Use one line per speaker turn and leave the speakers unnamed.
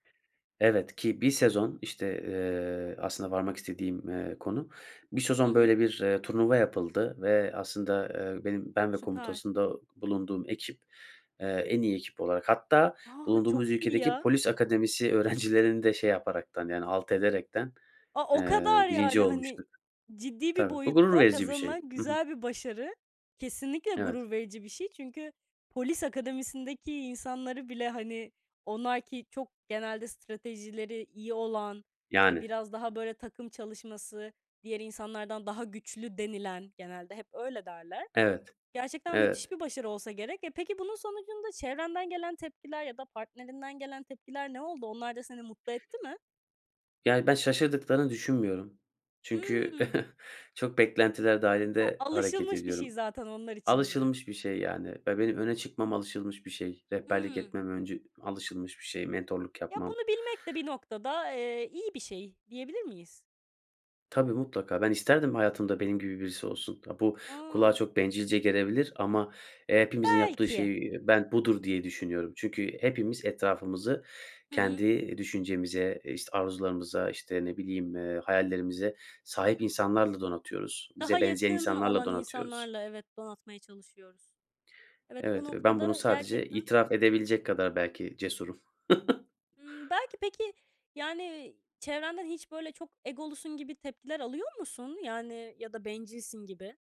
Evet. Ki bir sezon, işte, eee, aslında varmak istediğim, eee, konu. Bir
Hı
sezon
hı.
böyle bir, eee, turnuva yapıldı ve aslında, eee, benim ben ve
Süper.
komutasında bulunduğum ekip, eee, en iyi ekip olarak hatta
A!
bulunduğumuz
Çok iyi
ülkedeki
ya!
polis akademisi öğrencilerini de şey yaparak, yani alt ederek,
A, o
eee,
kadar
1.
yani! Hani,
olmuştuk.
ciddi bir
Tabii, bu gurur
boyutta
verici bir şey.
kazanılan
Hı hı.
güzel bir başarı. Kesinlikle
Evet.
gurur verici bir şey. Çünkü polis akademisindeki insanları bile, hani, onlar ki çok genelde stratejileri iyi olan, işte,
Yani.
biraz daha böyle takım çalışması, diğer insanlardan daha güçlü denilen genelde hep öyle derler.
Evet.
Gerçekten müthiş
Evet.
bir başarı olsa gerek. E, peki, bunun sonucunda çevrenden gelen tepkiler ya da partnerinden gelen tepkiler ne oldu? Onlar da seni mutlu etti mi?
Yani, ben şaşırdıklarını düşünmüyorum. Çünkü
Hıı.
çok beklentiler
Ya,
dâhilinde hareket
alışılmış bir şey
ediyorum.
zaten onlar için mi?
Alışılmış bir şey yani ve benim öne çıkmam alışılmış bir şey. Rehberlik
Hıı.
etmem öncü alışılmış bir şey, mentorluk
Ya,
yapmam.
bunu bilmek de bir noktada, eee, iyi bir şey, diyebilir miyiz?
Tabii, mutlaka. Ben isterdim hayatımda benim gibi birisi olsun. A, bu kulağa
A!
çok bencilce gelebilir ama, eee, hepimizin yaptığı
Belki.
şey ben budur, diye düşünüyorum. Çünkü hepimiz etrafımızı
Hı hı.
kendi düşüncemize, işte, arzularımıza, işte, ne bileyim, eee, hayallerimize sahip insanlarla donatıyoruz.
Daha
Bize benzeyen
yakın
insanlarla
olan
donatıyoruz.
insanlarla, evet, donatmaya çalışıyoruz. Evet, bu
Evet ve ben bunu
noktada
sadece
gerçekten
itiraf edebilecek kadar belki cesurum.
Imm, belki peki, yani i çevrenden hiç böyle "Çok egolusun." gibi tepkiler alıyor musun? Yani ya da "Bencilsin." gibi.